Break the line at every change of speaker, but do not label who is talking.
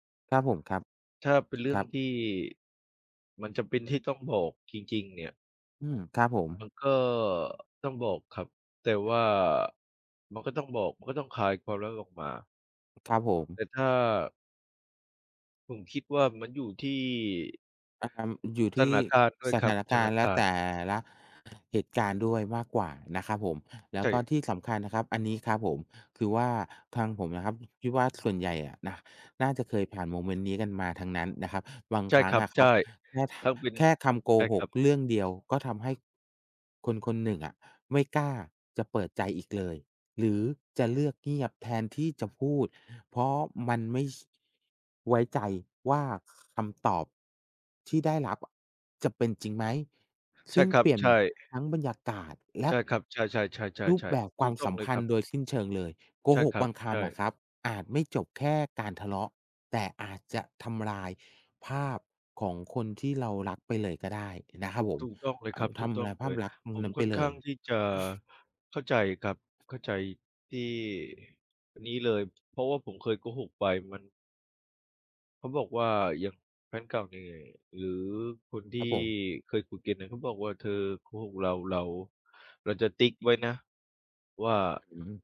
ครับผมครับ
ถ้าเป็นเรื่
ค
อ
ร
ง
ับ
ที่ มันจำเป็นที่ต้องบอกจริง ๆ เนี่ย
อืม ครับผม
มันก็ต้องบอกครับ แต่ว่ามันก็ต้องบอก มันก็ต้องคลายความลับออกมา
อ ครับผม
แต่ถ้า ผมคิดว่ามันอยู่ที่
อัม อยู่ท
ส
ี
ถ
่
านการณ์ด้วย
ส
ค
ถ
รับ
าน
ส
ก
ถา
าร
น
ณ์ แล
ก
ะ
า
แ
รณ
ต
์
่ละ เหตุการณ์ด้วยมากกว่านะครับผม แล
ใ
้
ช
วก็
่
ที่สำคัญนะครับ อันนี้ครับผม คือว่าทางผมนะครับ ฮ คิดว่าส่วนใหญ่อะนะน่าจะเคยผ่านโมเมนต์นี้กันมาทั้งนั้นนะครับ บาง
ใช่
ครั้
ค
ง
รั
อ
บ
ะค
ใ
ร
ช
ั
่
บ แค่
ถ้าเป็น
แค่คำโก
ใช่
ห
คร
ก
ับ
เรื่องเดียว ก็ทำให้ คนคนหนึ่งอะไม่กล้าจะเปิดใจอีกเลย หรือจะเลือกเงียบ แทนที่จะพูด เพราะมันไม่ ช ไว้ใจว่า ค คำตอบที่ได้รับอะจะเป็นจริงไหม
ใ
ซ
ช
ึ
่
่ง
ครั
เป
บ
ลี่ยน
ใช่
ทั้งบรรยากาศ แล
ใ
ะ
ช่ครับ ใช่
รูปแบ
ๆ ๆ
บ
ๆ ๆ
ค
ถ
ว
ู
าม
กต้
ส
อง
ัม
เล
พ
ย
ั
ค
น
ร
ธ
ับ
์โดยสิ้นเชิงเลย โก
ใช่
ห
ค
ก
รั
บ
บ
างค
ใช
ำอ
่
ะครับอาจไม่จบแค่การทะเลาะ แต่อาจจะทำลายภาพของคนที่เรารักไปเลยก็ได้นะครับผม
ถูกต้องเลย
อ่
ครั
า
บ ถ
ท
ูกต้
ำล
อง
ายภ
เ
า
ล
พ
ย
ลักษณ์ตร
ผ
งน
ม
ั้นไ
ค
ป
่อน
เล
ข้
ย
างที่จะเข้าใจครับ เข้าใจที่ อ นี้เลย เพราะว่าผมเคยโกหกไป มัน เขาบอกว่า อย่างแฟนเก่าเนี่ย หรือคนที
ค
่
รับผม
เคยคุยกันเนี่ย เขาบอกว่า "เธอโกหกเรา เรา เราจะติ๊กไว้นะ ว่า"
อืม